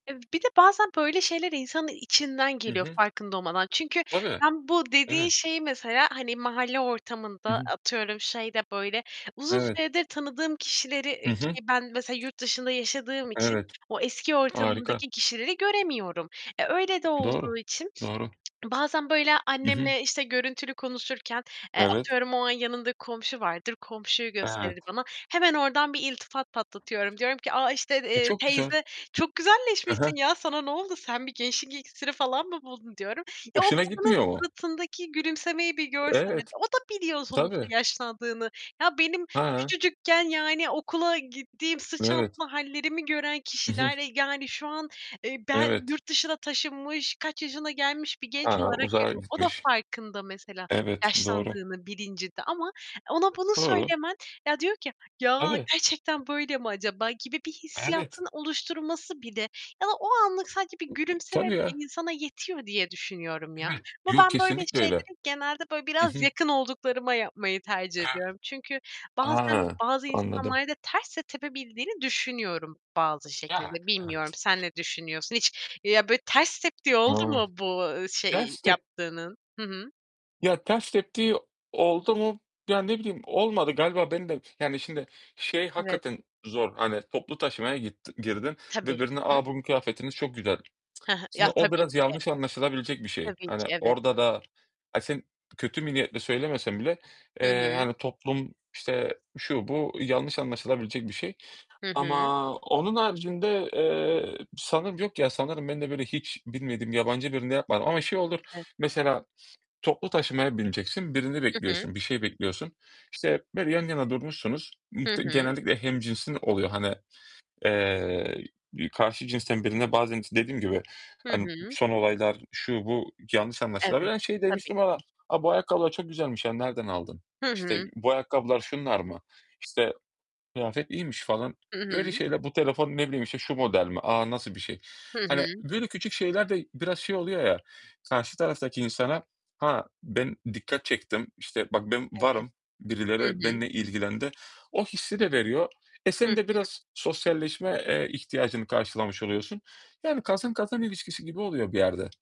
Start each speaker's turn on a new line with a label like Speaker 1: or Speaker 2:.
Speaker 1: Eee, bir de bazen böyle şeyler insanın içinden
Speaker 2: Hı
Speaker 1: geliyor,
Speaker 2: hı.
Speaker 1: farkında olmadan. Çünkü
Speaker 2: Tabii,
Speaker 1: ben bu dediğin
Speaker 2: evet.
Speaker 1: şeyi Mesela, hani, mahalle
Speaker 2: Hı
Speaker 1: ortamında,
Speaker 2: hı.
Speaker 1: atıyorum şeyde böyle uzun
Speaker 2: Evet.
Speaker 1: süredir tanıdığım kişileri,
Speaker 2: Hı
Speaker 1: eee,
Speaker 2: hı.
Speaker 1: ki ben mesela yurt dışında yaşadığım için
Speaker 2: Evet,
Speaker 1: o eski
Speaker 2: harika.
Speaker 1: ortamımdaki kişileri göremiyorum. E, öyle de
Speaker 2: Doğru,
Speaker 1: olduğu için
Speaker 2: doğru.
Speaker 1: bazen böyle
Speaker 2: Hı hı.
Speaker 1: annemle, işte, görüntülü konuşurken, eee,
Speaker 2: Evet.
Speaker 1: atıyorum o an yanında komşu vardır, komşuyu gösterir
Speaker 2: Evet.
Speaker 1: bana. Hemen oradan bir iltifat patlatıyorum, diyorum ki a işte,
Speaker 2: E,
Speaker 1: eee,
Speaker 2: çok güzel.
Speaker 1: "Teyze çok
Speaker 2: Hı hı.
Speaker 1: güzelleşmişsin ya, sana ne oldu, sen bir gençlik iksiri falan mı buldun?" diyorum. E, o
Speaker 2: Hoşuna
Speaker 1: kadının
Speaker 2: gitmiyor mu?
Speaker 1: suratındaki gülümsemeyi bir görsen, hani,
Speaker 2: Evet,
Speaker 1: o da biliyor sonuçta
Speaker 2: tabii.
Speaker 1: yaşlandığını. Ya, benim
Speaker 2: He.
Speaker 1: küçücükken, yani, okula gittiğim, sırt
Speaker 2: Evet.
Speaker 1: çantalı hâllerimi gören
Speaker 2: I hı.
Speaker 1: kişiler, eee, yani şu an, eee, ben
Speaker 2: Evet.
Speaker 1: yurt dışına taşınmış, kaç yaşına gelmiş bir
Speaker 2: He
Speaker 1: genç
Speaker 2: he,
Speaker 1: olarak
Speaker 2: uzağa
Speaker 1: görüyor. O da
Speaker 2: gitmiş.
Speaker 1: farkında mesela,
Speaker 2: Evet, doğru.
Speaker 1: yaşlandığının bilincinde ama ona bunu
Speaker 2: Doğru.
Speaker 1: söylemen, ya diyor ki "Ya,
Speaker 2: Tabii.
Speaker 1: gerçekten böyle mi acaba?" gibi bir
Speaker 2: Evet.
Speaker 1: hissiyatını oluşturması bile ya da o anlık sadece bir gülümseme
Speaker 2: Tabii ya.
Speaker 1: bile insana yetiyor diye düşünüyorum ya,
Speaker 2: Evet.
Speaker 1: ve
Speaker 2: Yo,
Speaker 1: ben böyle
Speaker 2: kesinlikle öyle.
Speaker 1: şeyleri genelde böyle
Speaker 2: Hı
Speaker 1: biraz
Speaker 2: hı.
Speaker 1: yakın olduklarıma yapmayı tercih ediyorum.
Speaker 2: Evet.
Speaker 1: Çünkü bazen
Speaker 2: A,
Speaker 1: bazı
Speaker 2: anladım.
Speaker 1: insanlarda ters de tepebildiğini düşünüyorum, bazı
Speaker 2: Yani,
Speaker 1: şekilde. Bilmiyorum,
Speaker 2: evet.
Speaker 1: sen ne düşünüyorsun? Hiç, ya böyle ters teptiği oldu
Speaker 2: O!
Speaker 1: mu bu, eee, şey
Speaker 2: Ters tep
Speaker 1: yaptığının? Hı hı.
Speaker 2: Ya, ters teptiği oldu mu? Ya, ne bileyim olmadı, galiba beni de Yani, şimdi şey
Speaker 1: Evet.
Speaker 2: hakikaten zor, hani toplu taşımaya gittin girdin
Speaker 1: Tabii.
Speaker 2: ve birine,
Speaker 1: Hı hı.
Speaker 2: "A, bugün kıyafetiniz çok güzel."
Speaker 1: Hı hı.
Speaker 2: Şimdi
Speaker 1: Ya,
Speaker 2: o
Speaker 1: tabii
Speaker 2: biraz
Speaker 1: ki.
Speaker 2: yanlış anlaşılabilecek bir şey.
Speaker 1: Tabii
Speaker 2: Hani
Speaker 1: ki, evet.
Speaker 2: orada da Ha, sen kötü bir niyetle söylemesen bile,
Speaker 1: Hı
Speaker 2: eee,
Speaker 1: hı.
Speaker 2: hani toplum, işte, şu, bu yanlış anlaşılabilecek bir şey
Speaker 1: Hı hı.
Speaker 2: ama onun haricinde, eee, sanırım yok ya, sanırım ben de, böyle, hiç bilmediğim yabancı birine yapmadım ama şey olur,
Speaker 1: [unintelligible]
Speaker 2: mesela toplu taşımaya bineceksin, birini
Speaker 1: Hı hı.
Speaker 2: bekliyorsun, bir şey bekliyorsun. İşte, böyle, yan yana durmuşsunuz, ı
Speaker 1: Hı
Speaker 2: te
Speaker 1: hı.
Speaker 2: genellikle hemcinsin oluyor hani, eee, iii, karşı cinsten birine bazen s dediğim gibi,
Speaker 1: Hı
Speaker 2: hani, ı
Speaker 1: hı.
Speaker 2: son olaylar, şu, bu yanlış anlaşılabilir.
Speaker 1: Evet,
Speaker 2: Hani, şey
Speaker 1: tabii
Speaker 2: demiştim ama,
Speaker 1: ki.
Speaker 2: "A, bu ayakkabılar çok güzelmiş ya, nereden aldın?"
Speaker 1: Hı
Speaker 2: işte,
Speaker 1: hı.
Speaker 2: "Bu ayakkabılar şunlar mı?" işte, "Kıyafet iyiymiş." falan,
Speaker 1: Hı
Speaker 2: öyle
Speaker 1: hı.
Speaker 2: şeyler. "Bu telefon" ne bileyim, işte, "şu model mi? A, nasıl bir şey?"
Speaker 1: Hı
Speaker 2: Hani
Speaker 1: hı.
Speaker 2: böyle küçük şeyler de biraz şey oluyor ya, karşı taraftaki insana, ha, ben dikkat çektim, işte, bak ben
Speaker 1: Evet.
Speaker 2: varım,
Speaker 1: Hı
Speaker 2: birileri
Speaker 1: hı.
Speaker 2: benimle ilgilendi. O hissi de veriyor. E,
Speaker 1: Hı
Speaker 2: sen de
Speaker 1: hı.
Speaker 2: biraz sosyalleşme, eee, ihtiyacını karşılamış oluyorsun. Yani kazan kazan ilişkisi gibi oluyor bir yerde.